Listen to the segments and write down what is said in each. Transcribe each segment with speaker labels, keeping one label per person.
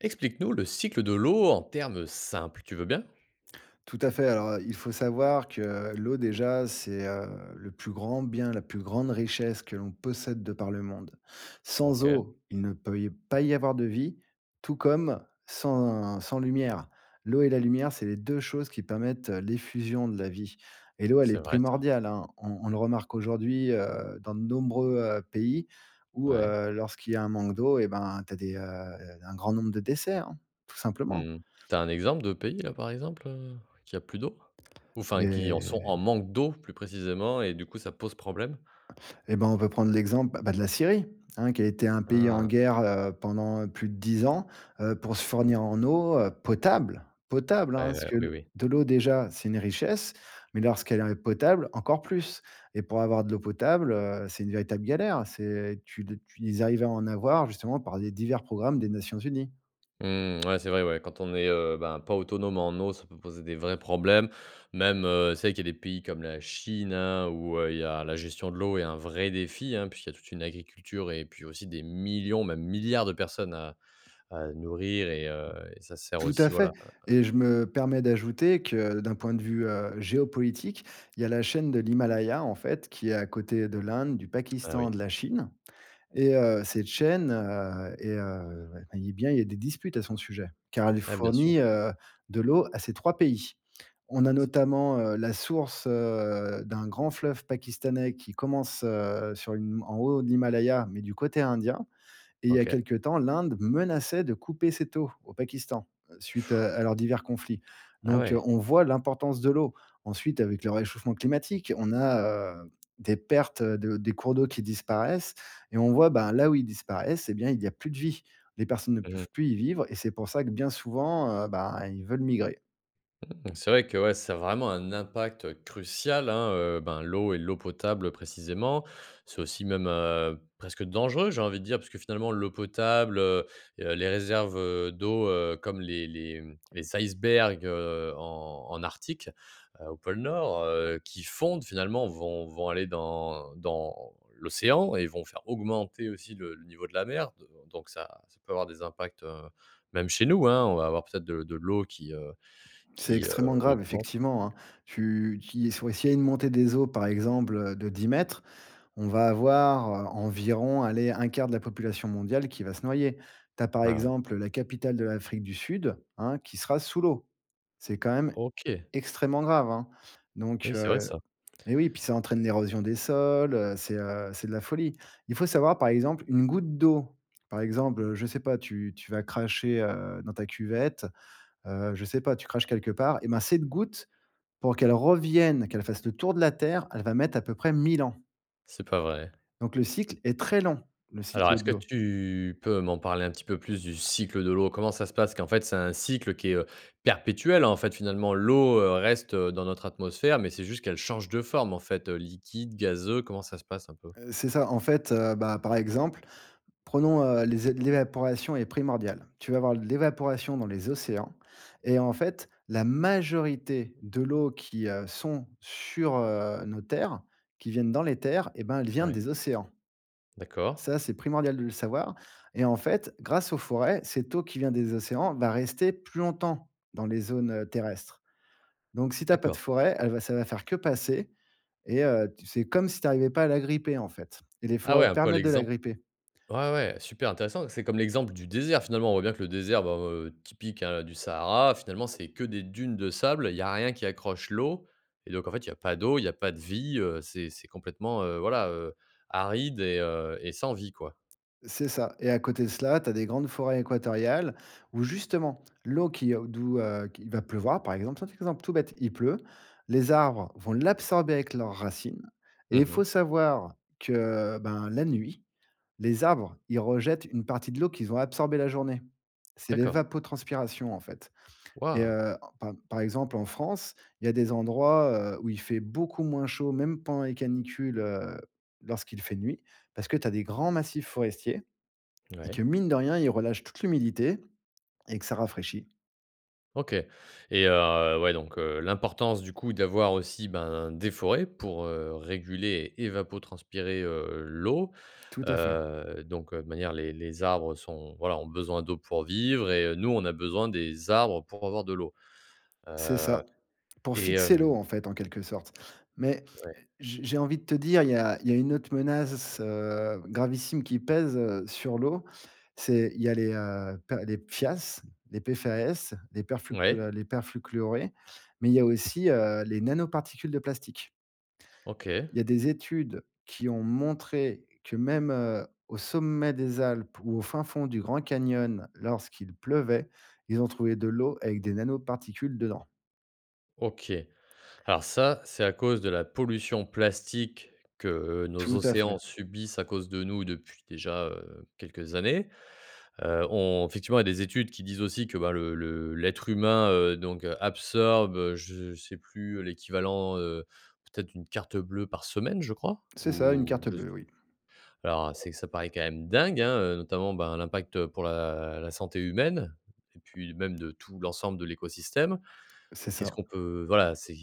Speaker 1: Explique-nous le cycle de l'eau en termes simples. Tu veux bien?
Speaker 2: Tout à fait. Alors, heu, il faut savoir que l'eau déjà, c'est, heu, le plus grand bien, la plus grande richesse que l'on possède de par le monde. Sans
Speaker 1: OK.
Speaker 2: eau, il ne peut y pas y avoir de vie, tout comme sans sans lumière. L'eau et la lumière, c'est les 2 choses qui permettent l'effusion de la vie. Et l'eau, elle est
Speaker 1: C'est vrai ça.
Speaker 2: primordiale, hein. On on le remarque aujourd'hui, heu, dans de nombreux, heu, pays où,
Speaker 1: Ouais.
Speaker 2: heu, lorsqu'il y a un manque d'eau, eh ben tu as des, heu un grand nombre de décès, hein, tout
Speaker 1: Mmh
Speaker 2: simplement.
Speaker 1: mh. Tu as un exemple de pays, là, par exemple, heu, qui a plus d'eau? Ou enfin, qui en sont en
Speaker 2: Et
Speaker 1: manque d'eau, plus précisément, et du coup, ça pose problème?
Speaker 2: Eh ben, on peut prendre l'exemple, bah, de la Syrie, hein, qui a été un pays en
Speaker 1: Ah.
Speaker 2: guerre, heu, pendant plus de 10 ans, heu, pour se fournir en eau, heu, potable, potable, hein, parce
Speaker 1: Ouais,
Speaker 2: que
Speaker 1: oui,
Speaker 2: le
Speaker 1: oui.
Speaker 2: de l'eau déjà, c'est une richesse, mais lorsqu'elle est potable, encore plus. Et pour avoir de l'eau potable, heu, c'est une véritable galère. C'est tu l tu ils arrivaient à en avoir justement par des divers programmes des Nations Unies.
Speaker 1: Mmh, ouais, c'est vrai, ouais, quand on est, heu, ben, pas autonome en eau, ça peut poser des vrais problèmes. Même, heu, c'est vrai qu'il y a des pays comme la Chine, hein, où, heu, il y a la gestion de l'eau est un vrai défi, hein, puisqu'il y a toute une agriculture et puis aussi des millions, même milliards de personnes à à nourrir et, heu, ça sert
Speaker 2: Tout à
Speaker 1: aussi, voilà,
Speaker 2: fait,
Speaker 1: à à
Speaker 2: et je me permets d'ajouter que, d'un point de vue, heu, géopolitique, il y a la chaîne de l'Himalaya, en fait, qui est à côté de l'Inde, du
Speaker 1: Ah oui.
Speaker 2: Pakistan, de la Chine, et heu, cette chaîne, heu, est, heu ouais eh bien, il y a des disputes à son sujet, car elle
Speaker 1: Ouais, bien sûr.
Speaker 2: fournit, heu, de l'eau à ces 3 pays. On
Speaker 1: C
Speaker 2: a
Speaker 1: c
Speaker 2: notamment, heu, la source, heu, d'un grand fleuve pakistanais qui commence, heu, sur une en haut de l'Himalaya, mais du côté indien. Et il y a
Speaker 1: OK.
Speaker 2: quelque temps, l'Inde menaçait de couper cette eau au Pakistan, suite, heu, à leurs divers conflits.
Speaker 1: Ah,
Speaker 2: Donc, heu,
Speaker 1: ouais.
Speaker 2: on voit l'importance de l'eau. Ensuite, avec le réchauffement climatique, on a, heu, des pertes de des cours d'eau qui disparaissent, et on voit, ben, là où ils disparaissent, eh bien, il y a plus de vie. Les personnes ne
Speaker 1: Mmh
Speaker 2: peuvent
Speaker 1: mh.
Speaker 2: plus y vivre, et c'est pour ça que, bien souvent, heu, ben, ils veulent migrer.
Speaker 1: Mmh, c'est vrai que, ouais, ça a vraiment un impact, heu, crucial, hein, heu, ben, l'eau et l'eau potable, précisément. C'est aussi même, heu, presque dangereux, j'ai envie de dire, puisque finalement, l'eau potable, heu, et les réserves, heu, d'eau, heu, comme les les, mmh, les icebergs, heu, en en Arctique, heu, au pôle Nord, heu, qui fondent, finalement, vont vont aller dans dans l'océan et vont faire augmenter aussi le le niveau de la mer. D heu, donc ça ça peut avoir des impacts, heu, même chez nous, hein, on va avoir peut-être de de l'eau qui, heu,
Speaker 2: C'est
Speaker 1: qui,
Speaker 2: extrêmement
Speaker 1: heu,
Speaker 2: grave,
Speaker 1: augmente.
Speaker 2: effectivement, hein. Tu tu y s ouais, si il y a une montée des eaux, par exemple, heu, de 10 m, on va avoir, heu, environ, allez, 1/4 de la population mondiale qui va se noyer. Tu as, par
Speaker 1: Ouais.
Speaker 2: exemple, la capitale de l'Afrique du Sud, hein, qui sera sous l'eau. C'est quand même
Speaker 1: OK.
Speaker 2: extrêmement grave, hein. Donc,
Speaker 1: Oui, c'est vrai
Speaker 2: heu
Speaker 1: ça.
Speaker 2: eh oui, puis ça entraîne l'érosion des sols, heu, c'est, heu, c'est de la folie. Il faut savoir, par exemple, une goutte d'eau. Par exemple, heu, je sais pas, tu tu vas cracher, heu, dans ta cuvette, heu, je sais pas, tu craches quelque part, eh ben cette goutte, pour qu'elle revienne, qu'elle fasse le tour de la Terre, elle va mettre à peu près 1 000 ans!
Speaker 1: C'est pas vrai?
Speaker 2: Donc, le cycle est très long, le
Speaker 1: Alors,
Speaker 2: cycle
Speaker 1: est-ce
Speaker 2: de
Speaker 1: que
Speaker 2: l'eau.
Speaker 1: tu peux m'en parler un petit peu plus, du cycle de l'eau? Comment ça se passe, qu'en fait, c'est un cycle qui est, heu, perpétuel? En fait, finalement, l'eau, heu, reste dans notre atmosphère, mais c'est juste qu'elle change de forme, en fait, heu, liquide, gazeux. Comment ça se passe, un peu?
Speaker 2: Heu, c'est ça, en fait, heu, bah, par exemple, prenons, heu, les é l'évaporation est primordiale. Tu vas avoir de l'évaporation dans les océans et, en fait, la majorité de l'eau qui, heu, sont sur, heu, nos terres, qui viennent dans les terres, eh ben elle vient
Speaker 1: Ouais.
Speaker 2: des océans.
Speaker 1: D'accord.
Speaker 2: Ça, c'est primordial de le savoir et, en fait, grâce aux forêts, cette eau qui vient des océans va rester plus longtemps dans les zones, heu, terrestres. Donc, si tu as pas de
Speaker 1: D'accord.
Speaker 2: forêt, elle va ça va faire que passer et heu, c'est comme si tu arrivais pas à l'agripper, en fait et les
Speaker 1: Ah ouais,
Speaker 2: forêts
Speaker 1: un peu à
Speaker 2: permettent de
Speaker 1: l'exemple
Speaker 2: l'agripper.
Speaker 1: ouais, ouais, super intéressant. C'est comme l'exemple du désert. Finalement, on voit bien que le désert, bah, heu, typique, hein, du Sahara. Finalement, c'est que des dunes de sable. Il y a rien qui accroche l'eau et donc, en fait, il y a pas d'eau. Il y a pas de vie, heu. C'est c'est complètement, heu, voilà, heu, aride et, heu, et sans vie, quoi.
Speaker 2: C'est ça. Et à côté de cela, tu as des grandes forêts équatoriales où, justement, l'eau qui, heu, d'où, heu, qui va pleuvoir, par exemple, simple exemple tout bête, il pleut, les arbres vont l'absorber avec leurs racines, et il
Speaker 1: Mmh
Speaker 2: faut
Speaker 1: mh.
Speaker 2: savoir que, ben, la nuit, les arbres, ils rejettent une partie de l'eau qu'ils ont absorbée la journée. C'est
Speaker 1: D'accord.
Speaker 2: l'évapotranspiration, en fait. Et
Speaker 1: Waouh.
Speaker 2: heu, en par par exemple, en France, il y a des endroits, heu, où il fait beaucoup moins chaud, même pendant les canicules, heu, lorsqu'il fait nuit, parce que tu as des grands massifs forestiers et que,
Speaker 1: Mouais.
Speaker 2: mine de rien, ils relâchent toute l'humidité et que ça rafraîchit.
Speaker 1: OK. Et, heu, ouais. Donc, heu, l'importance du coup d'avoir aussi, ben, des forêts pour, heu, réguler et évapotranspirer, heu, l'eau.
Speaker 2: Tout à fait.
Speaker 1: Heu, donc de manière les les arbres sont voilà ont besoin d'eau pour vivre et nous on a besoin des arbres pour avoir de l'eau.
Speaker 2: C'est ça.
Speaker 1: Heu,
Speaker 2: Pour
Speaker 1: et
Speaker 2: fixer
Speaker 1: hem
Speaker 2: l'eau en fait, en quelque sorte. Mais
Speaker 1: Ouais.
Speaker 2: j j'ai envie de te dire, il y a il y a une autre menace, heu, gravissime qui pèse, heu, sur l'eau. C'est il y a les, heu, per les PFAS, les P-F-A-S, les perfuclu heu,
Speaker 1: Ouais.
Speaker 2: les perfluorés. Mais il y a aussi, heu, les nanoparticules de plastique.
Speaker 1: OK.
Speaker 2: Il y a des études qui ont montré que même, heu, au sommet des Alpes ou au fin fond du Grand Canyon lorsqu'il pleuvait. Ils ont trouvé de l'eau avec des nanoparticules dedans.
Speaker 1: OK. Alors ça, c'est à cause de la pollution plastique que nos
Speaker 2: Tout à fait.
Speaker 1: océans subissent à cause de nous depuis, déjà, heu, quelques années. Heu, on effectivement, il y a des études qui disent aussi que ben le le l'être humain, heu, donc, absorbe je sais plus l'équivalent, heu, peut-être d'une carte bleue par semaine, je crois?
Speaker 2: C'est ça une
Speaker 1: Ou
Speaker 2: carte
Speaker 1: je s
Speaker 2: bleue, oui.
Speaker 1: alors c'est que ça paraît quand même dingue, hein, heu, notamment ben l'impact pour la la santé humaine. Et puis même de tout l'ensemble de l'écosystème.
Speaker 2: C'est
Speaker 1: Qu'est-ce
Speaker 2: ça.
Speaker 1: qu'on peut voilà, c'est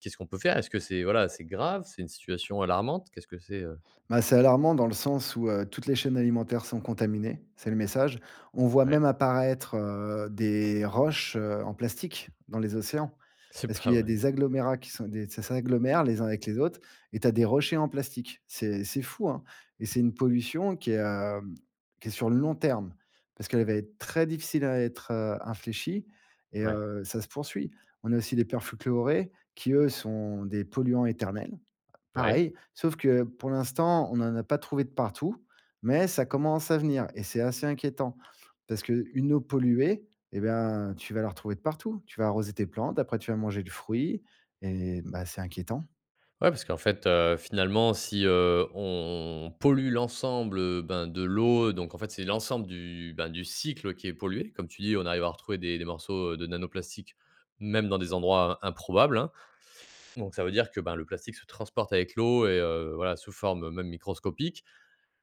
Speaker 1: qu'est-ce qu'on peut faire? Est-ce que c'est voilà, c'est grave? C'est une situation alarmante? Qu'est-ce que c'est, heu
Speaker 2: Bah, c'est alarmant dans le sens où, heu, toutes les chaînes alimentaires sont contaminées. C'est le message. On voit
Speaker 1: Ouais.
Speaker 2: même apparaître, heu, des roches, heu, en plastique dans les océans.
Speaker 1: C'est
Speaker 2: Parce qu'il
Speaker 1: pas
Speaker 2: y a
Speaker 1: vrai.
Speaker 2: des agglomérats qui sont des ça s'agglomèrent les uns avec les autres. Et tu as des rochers en plastique. C'est c'est fou, hein? Et c'est une pollution qui est, heu, qui est sur le long terme. Parce qu'elle va être très difficile à être, heu, infléchie et,
Speaker 1: Ouais.
Speaker 2: heu, ça se poursuit. On a aussi des perfluorés qui eux sont des polluants éternels.
Speaker 1: Ouais.
Speaker 2: Pareil, sauf que pour l'instant, on en a pas trouvé de partout. Mais ça commence à venir et c'est assez inquiétant. Parce qu'une eau polluée, et ben, tu vas la retrouver de partout. Tu vas arroser tes plantes, après tu vas manger le fruit et, bah, c'est inquiétant.
Speaker 1: Ouais. Parce qu'en fait, heu, finalement si, heu, on pollue l'ensemble, heu, ben, de l'eau donc en fait c'est l'ensemble du, ben, du cycle qui est pollué. Comme tu dis on arrive à retrouver des des morceaux, heu, de nanoplastiques même dans des endroits improbables, hein. Donc ça veut dire que, ben, le plastique se transporte avec l'eau et, heu, voilà sous forme, heu, même microscopique.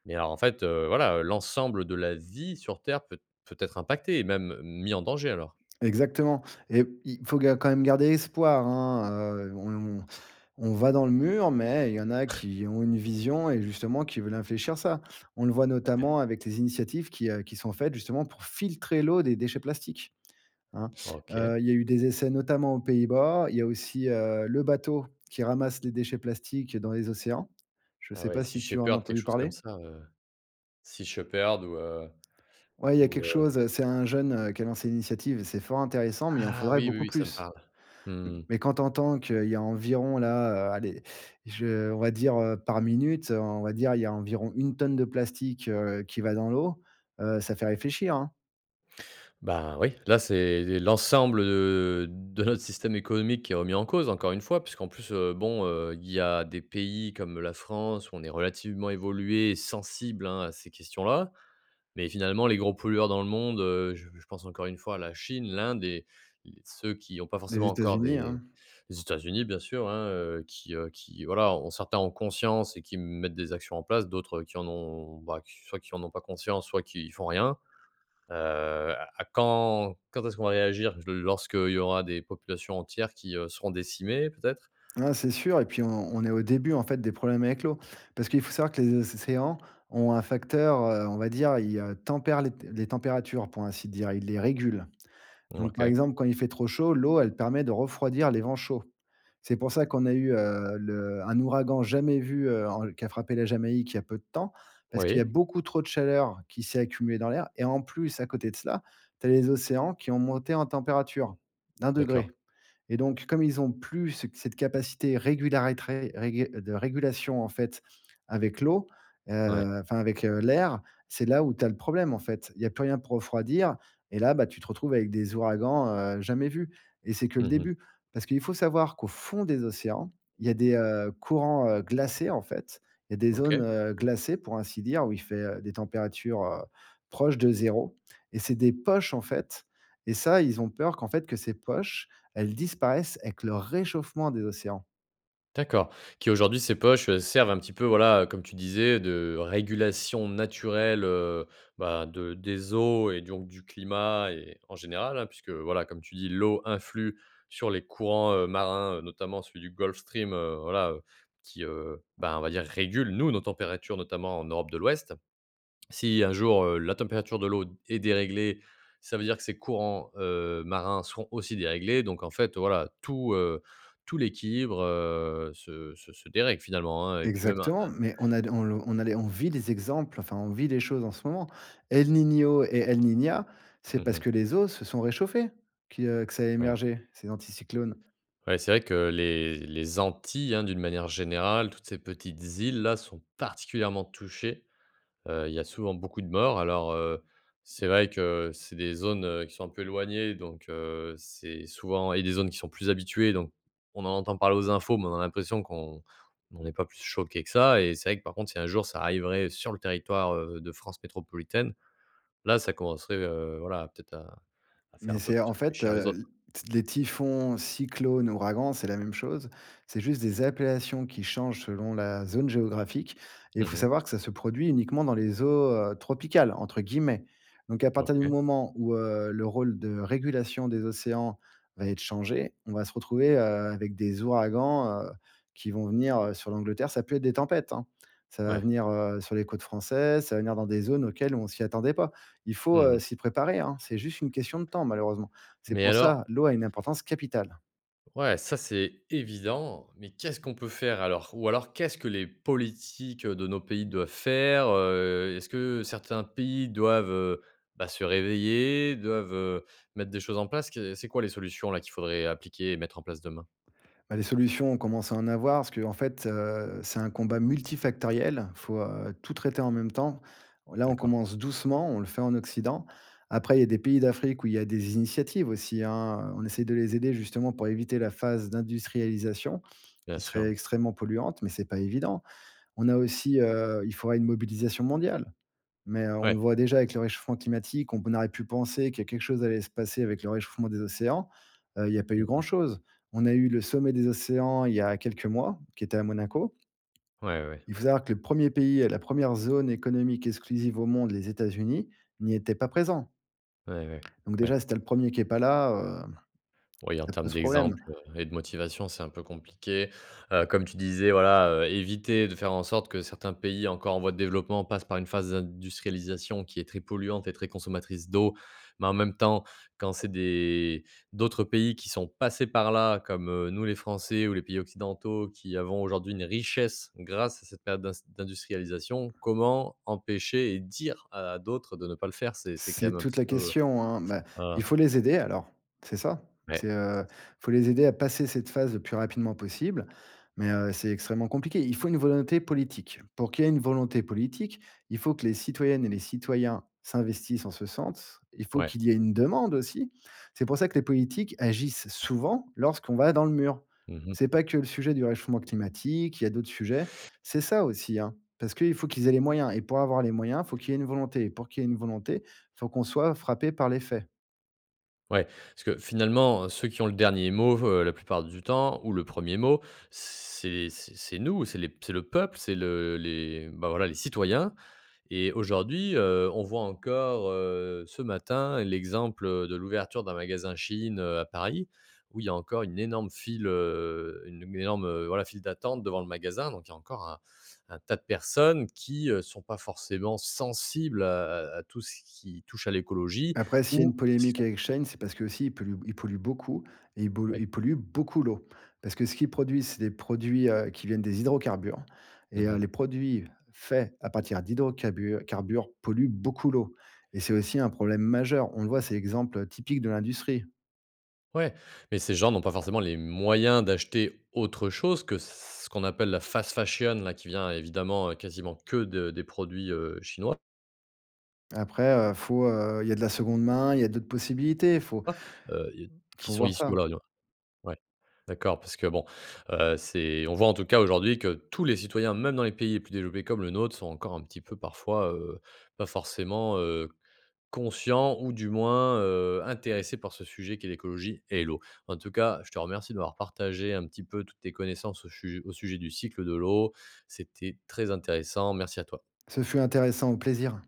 Speaker 1: Mais alors en fait, heu, voilà, l'ensemble de la vie sur terre peut peut être impactée et même mis en danger alors.
Speaker 2: Exactement et il faut ga quand même garder espoir, hein, heu, on on va dans le mur, mais il y en a qui ont une vision et justement qui veulent infléchir ça. On le voit
Speaker 1: OK.
Speaker 2: notamment avec les initiatives qui, heu, qui sont faites justement pour filtrer l'eau des déchets plastiques, hein.
Speaker 1: OK.
Speaker 2: Heu, il y a eu des essais notamment aux Pays-Bas, il y a aussi, heu, le bateau qui ramasse les déchets plastiques dans les océans, je
Speaker 1: Ah
Speaker 2: sais
Speaker 1: ouais.
Speaker 2: pas
Speaker 1: Sea
Speaker 2: si tu as en as
Speaker 1: Shepherd quelque
Speaker 2: entendu
Speaker 1: chose comme
Speaker 2: parler?
Speaker 1: ça, heu. Sea Shepherd ou, heu
Speaker 2: Ouais il y a
Speaker 1: ou,
Speaker 2: quelque chose,
Speaker 1: heu
Speaker 2: heu, c'est un jeune, heu, qui a lancé l'initiative. C'est fort intéressant, mais il en
Speaker 1: Ah
Speaker 2: faudrait
Speaker 1: oui, oui
Speaker 2: beaucoup
Speaker 1: oui, ça me
Speaker 2: plus.
Speaker 1: parle. Mmh.
Speaker 2: Mais quand tu entends qu'il y a environ là, heu, allez, je on va dire, heu, par minute. On va dire il y a environ 1 tonne de plastique, heu, qui va dans l'eau, heu, ça fait réfléchir, hein.
Speaker 1: Bah oui, là c'est l'ensemble, heu, de notre système économique qui est remis en cause, encore une fois. Puisqu'en plus, heu, bon, heu, il y a des pays comme la France où on est relativement évolué et sensible, hein, à ces questions-là. Mais finalement les gros pollueurs dans le monde, heu, j je pense encore une fois la Chine, l'Inde, et l ceux qui ont pas
Speaker 2: Les
Speaker 1: forcément encore
Speaker 2: États-Unis,
Speaker 1: des
Speaker 2: hein.
Speaker 1: les, États-Unis bien sûr, hein, heu, qui, heu, qui voilà ont certains en conscience et qui m mettent des actions en place d'autres qui en ont bah, soit qui en n'ont pas conscience soit qui font rien. Heu, à à quand quand est-ce qu'on va réagir? J lorsque il y aura des populations entières qui, heu, seront décimées, peut-être?
Speaker 2: Ah, c'est sûr. Et puis on on est au début en fait des problèmes avec l'eau. Parce qu'il faut savoir que les océans ont un facteur, heu, on va dire, heu, ils tempèrent les t les températures pour ainsi dire, ils les régulent.
Speaker 1: Mmh,
Speaker 2: Donc, par
Speaker 1: OK.
Speaker 2: exemple quand il fait trop chaud, l'eau, elle permet de refroidir les vents chauds. C'est pour ça qu'on a eu, heu, le un ouragan jamais vu, heu, en qui a frappé la Jamaïque, il y a peu de temps. Parce qu'il y a
Speaker 1: Oui.
Speaker 2: beaucoup trop de chaleur qui s'est accumulée dans l'air. Et en plus à côté de cela, tu as les océans qui ont monté en température, de un
Speaker 1: D'accord.
Speaker 2: degrés. Et donc comme ils ont plus ce cette capacité régulatrice régu de régulation en fait avec l'eau.
Speaker 1: Ouais.
Speaker 2: Heu, enfin avec, heu, l'air. C'est là où tu as le problème, en fait. Il y a plus rien pour refroidir et là, bah, tu te retrouves avec des ouragans, heu, jamais vus et c'est que le
Speaker 1: Mmh mh.
Speaker 2: début. Parce qu'il faut savoir qu'au fond des océans, il y a des, heu, courants, heu, glacés, en fait. Il y a des zones,
Speaker 1: OK.
Speaker 2: heu, glacées pour ainsi dire où il fait, heu, des températures, heu, proches de 0 et c'est des poches, en fait. Et ça, ils ont peur qu'en fait que ces poches, elles disparaissent, avec le réchauffement des océans.
Speaker 1: D'accord. Qui aujourd'hui, ces poches servent un petit peu voilà, heu, comme tu disais, de régulation naturelle, heu, ben, de des eaux et donc du climat et en général, hein, puisque voilà, comme tu dis, l'eau influe sur les courants, heu, marins, heu, notamment celui du Gulf Stream, heu. Voilà, heu, qui, heu, ben, on va dire régule nous nos températures notamment en Europe de l'Ouest. Si un jour, heu, la température de l'eau, est déréglée ça veut dire que ses courants, heu, marins seront aussi déréglés. Donc en fait voilà tout, heu, tout l'équilibre, heu, se se se dérègle finalement, hein. Et puis même un
Speaker 2: Exactement,
Speaker 1: un
Speaker 2: mais on a d on l on a les, on vit des exemples, enfin on vit les choses en ce moment. El Niño et El Niña, c'est
Speaker 1: Mmh
Speaker 2: parce que
Speaker 1: mh.
Speaker 2: les eaux se sont réchauffées qui, heu, que ça a
Speaker 1: Ouais.
Speaker 2: émergé ces anticyclones.
Speaker 1: Ouais, c'est vrai que les les Antilles, hein, d'une manière générale, toutes ces petites îles là sont particulièrement touchées. Heu, il y a souvent beaucoup de morts alors, heu, c'est vrai que c'est des zones, heu, qui sont un peu éloignées donc, heu, c'est souvent et des zones qui sont plus habituées. Donc on en entend parler aux infos mais on a l'impression qu'on qu'on n'est pas plus choqué que ça. Et c'est vrai que par contre si un jour ça arriverait sur le territoire, heu, de France métropolitaine. Là, ça commencerait, heu, voilà peut-être à à faire
Speaker 2: Mais
Speaker 1: un peu
Speaker 2: c'est
Speaker 1: plus
Speaker 2: en fait,
Speaker 1: réfléchir les
Speaker 2: heu,
Speaker 1: autres.
Speaker 2: l t les typhons, cyclones, ouragans, c'est la même chose. C'est juste des appellations qui changent selon la zone géographique et il
Speaker 1: Mmh
Speaker 2: faut
Speaker 1: mh.
Speaker 2: savoir que ça se produit uniquement dans les eaux, heu, tropicales entre guillemets. Donc à partir du
Speaker 1: OK.
Speaker 2: moment où, heu, le rôle de régulation des océans va être changé, on va se retrouver, heu, avec des ouragans, heu, qui vont venir, heu, sur l'Angleterre, ça va plus être des tempêtes, hein. Ça va
Speaker 1: Ouais.
Speaker 2: venir, heu, sur les côtes françaises, ça va venir dans des zones auxquelles on s'y attendait pas. Il faut,
Speaker 1: Mmh
Speaker 2: heu,
Speaker 1: mh.
Speaker 2: s'y préparer, hein. C'est juste une question de temps malheureusement. C'est
Speaker 1: Mais
Speaker 2: pour
Speaker 1: alors
Speaker 2: ça l'eau a une importance capitale.
Speaker 1: Ouais, ça, c'est évident. Mais qu'est-ce qu'on peut faire alors? Ou alors, qu'est-ce que les politiques de nos pays doivent faire, heu? Est-ce que, certains pays doivent, heu, bah, se réveiller, doivent, heu, mettre des choses en place? Qu'est-ce c'est quoi les solutions là, qu'il faudrait appliquer et mettre en place demain?
Speaker 2: Bah les solutions on commence à en avoir, parce qu'en fait heu, c'est un combat multifactoriel, faut heu, tout traiter en même temps. On là, on
Speaker 1: D'accord.
Speaker 2: commence doucement, on le fait en Occident. Après, il y a des pays d'Afrique où il y a des initiatives aussi hein, on essaye de les aider justement pour éviter la phase d'industrialisation,
Speaker 1: Bien
Speaker 2: qui serait
Speaker 1: sûr.
Speaker 2: extrêmement polluante, mais c'est pas évident. On a aussi heu, il faudrait une mobilisation mondiale. Mais heu, on
Speaker 1: Ouais.
Speaker 2: voit déjà avec le réchauffement climatique, on aurait pu penser que quelque chose allait se passer avec le réchauffement des océans, heu, il y a pas eu
Speaker 1: Mmh mh.
Speaker 2: grand-chose. On a eu le sommet des océans, il y a quelques mois, qui était à Monaco
Speaker 1: Ouais, ouais, ouais.
Speaker 2: il faut savoir que le premier pays et la première zone économique exclusive au monde, les États-Unis, n'y étaient pas présents
Speaker 1: Ouais, ouais, ouais,
Speaker 2: donc
Speaker 1: ouais.
Speaker 2: déjà, si tu as le premier qui est pas là hem,
Speaker 1: Oui, en
Speaker 2: ça
Speaker 1: termes
Speaker 2: pose problème.
Speaker 1: d'exemples et de motivation c'est un peu compliqué. Heu, comme tu disais, voilà, heu, éviter de faire en sorte que certains pays encore en voie de développement passent par une phase d'industrialisation qui est très polluante et très consommatrice d'eau, mais en même temps, quand c'est des d'autres pays qui sont passés par là, comme, heu, nous les Français, ou les pays occidentaux qui avons aujourd'hui une richesse grâce à cette période d'ins d'industrialisation comment empêcher et dire à à d'autres, de ne pas le faire? C'est c'est quand
Speaker 2: C'est
Speaker 1: même un
Speaker 2: toute
Speaker 1: petit
Speaker 2: la
Speaker 1: peu,
Speaker 2: question hein. Bah,
Speaker 1: heu
Speaker 2: il faut les aider alors, c'est ça. C'est
Speaker 1: Ouais.
Speaker 2: heu,
Speaker 1: [unintelligible]
Speaker 2: il faut les aider à passer cette phase le plus rapidement possible, mais heu, c'est extrêmement compliqué. Il faut une volonté politique. Pour qu'il y ait une volonté politique, il faut que les citoyennes et les citoyens s'investissent en ce sens. Il faut
Speaker 1: Ouais.
Speaker 2: qu'il y ait une demande aussi. C'est pour ça que les politiques agissent souvent lorsqu'on va dans le mur.
Speaker 1: Mmh mh.
Speaker 2: C'est pas que le sujet du réchauffement climatique, il y a d'autres sujets, c'est ça aussi hein, parce qu'il faut qu'ils aient les moyens. Et pour avoir les moyens, il faut qu'il y ait une volonté. Et pour qu'il y ait une volonté, il faut qu'on soit frappés par les faits.
Speaker 1: Ouais, parce que finalement, ceux qui ont le dernier mot, heu, la plupart du temps ou le premier mot c'est c'est c'est nous, c'est les c'est le peuple, c'est le les, bah, voilà, les citoyens. Et aujourd'hui, heu, on voit encore, heu, ce matin l'exemple de l'ouverture d'un magasin Shein, heu, à Paris, où il y a encore une énorme file, heu, une énorme, heu, voilà, file d'attente devant le magasin. Donc, il y a encore un un tas de personnes qui, heu, sont pas forcément sensibles à à à tout ce qui touche à l'écologie
Speaker 2: Après, s'il y a une
Speaker 1: ou parce qu'ils
Speaker 2: polémique
Speaker 1: ont
Speaker 2: avec Shein, c'est parce qu'aussi ils polluent b ils polluent beaucoup et ils
Speaker 1: Bah
Speaker 2: bol
Speaker 1: oui.
Speaker 2: ils polluent beaucoup l'eau. Parce que, ce qu'ils produisent, c'est des produits heu, qui viennent des hydrocarbures et
Speaker 1: Mmh
Speaker 2: heu,
Speaker 1: mh.
Speaker 2: les produits faits à partir d'hydrocabures carbures, polluent beaucoup l'eau et c'est aussi un problème majeur. On le voit, c'est l'exemple typique de l'industrie.
Speaker 1: Ouais, mais ces gens n'ont pas forcément les moyens d'acheter autre chose que ce, qu'on appelle la fast fashion là qui vient évidemment quasiment que de des produits heu, chinois.
Speaker 2: Après heu, faut heu, il y a de la seconde main, il y a d'autres possibilités, faut
Speaker 1: A heu ils, qui
Speaker 2: faut
Speaker 1: sont
Speaker 2: voir
Speaker 1: issus,
Speaker 2: ça.
Speaker 1: voilà [unintelligible] ouais, d'accord parce que, bon, heu, c'est on voit en tout cas aujourd'hui que tous les citoyens, même dans les pays les plus développés, comme le nôtre, sont encore un petit peu parfois, heu, pas forcément, heu, conscients ou du moins, heu, intéressés par ce sujet qui est l'écologie et l'eau. En tout cas, je te remercie, de m'avoir partagé, un petit peu, toutes tes connaissances au sujet au sujet du cycle de l'eau, c'était très intéressant, merci à toi.
Speaker 2: Ce fut intéressant au plaisir.